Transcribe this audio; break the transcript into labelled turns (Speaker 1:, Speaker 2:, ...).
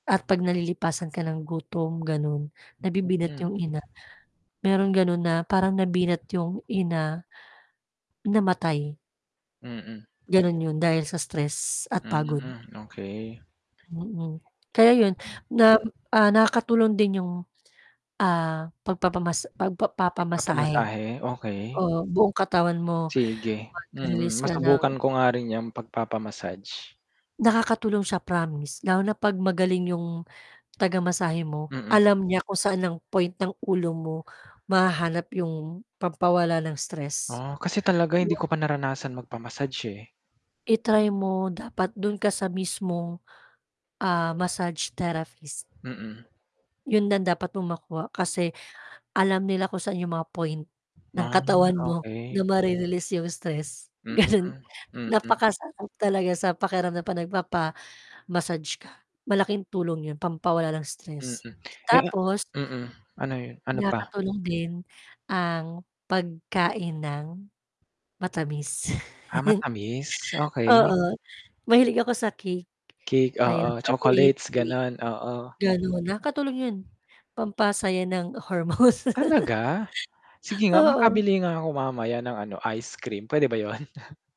Speaker 1: At 'pag nalilipasan ka ng gutom, gano'n, nabibinat
Speaker 2: Mm.
Speaker 1: yung ina. Merong gano'n na, parang nabinat yung ina, namatay.
Speaker 2: Mm.
Speaker 1: Gano'n 'yon, dahil sa stress at pagod.
Speaker 2: Mm, okay.
Speaker 1: Mm. Kaya 'yon
Speaker 2: Hmm.
Speaker 1: nam ah, nakakatulong din yung, ah, pagpapamas pagpa papamasahe.
Speaker 2: Nagpapamasahe, okey.
Speaker 1: Oo, buong katawan mo,
Speaker 2: Sige, mm.
Speaker 1: magrelease ka ng
Speaker 2: Masubukan ko nga rin 'yan, pag-papa-massage.
Speaker 1: Nakakatulong siya, promise. Lalo na 'pag magaling yung taga-masahe mo,
Speaker 2: Mm.
Speaker 1: alam niya kung saan ang point ng ulo mo, mahahanap yung pampawala ng stress,
Speaker 2: Oh, kasi talaga hindi
Speaker 1: [unintelligible]
Speaker 2: ko pa naranasan magpa-massage, eh
Speaker 1: I-try mo, dapat do'n ka sa mismong, ah, massage therapist.
Speaker 2: Mm.
Speaker 1: 'Yon ang dapat mong makuha, kasi, alam nila kung saan yung mga point, ng
Speaker 2: Ah,
Speaker 1: katawan mo,
Speaker 2: okay.
Speaker 1: na mare-release yung stress,
Speaker 2: Hmm,
Speaker 1: gano'n.
Speaker 2: mm.
Speaker 1: Napakasarap talaga sa pakiramdam, 'pag nagpapa-massage ka, malaking tulong 'yon, pampawala ng
Speaker 2: Mm,
Speaker 1: stress.
Speaker 2: eh, a
Speaker 1: Tapos
Speaker 2: mm, ano 'yon ano pa?
Speaker 1: nakakatulong din ang, pagkain ng matamis,
Speaker 2: Ah, matamis, okey.
Speaker 1: oo, mahilig ako sa cake,
Speaker 2: Cake, oo.
Speaker 1: ayun, chocolate
Speaker 2: Chocolates,
Speaker 1: cake,
Speaker 2: gano'n, oo.
Speaker 1: gano'n. Nakakatulong 'yon, pampasaya ng hormones,
Speaker 2: Talaga? Sige nga,
Speaker 1: oo.
Speaker 2: makabili nga ako mamaya ng ano, ice cream, puwede ba 'yon?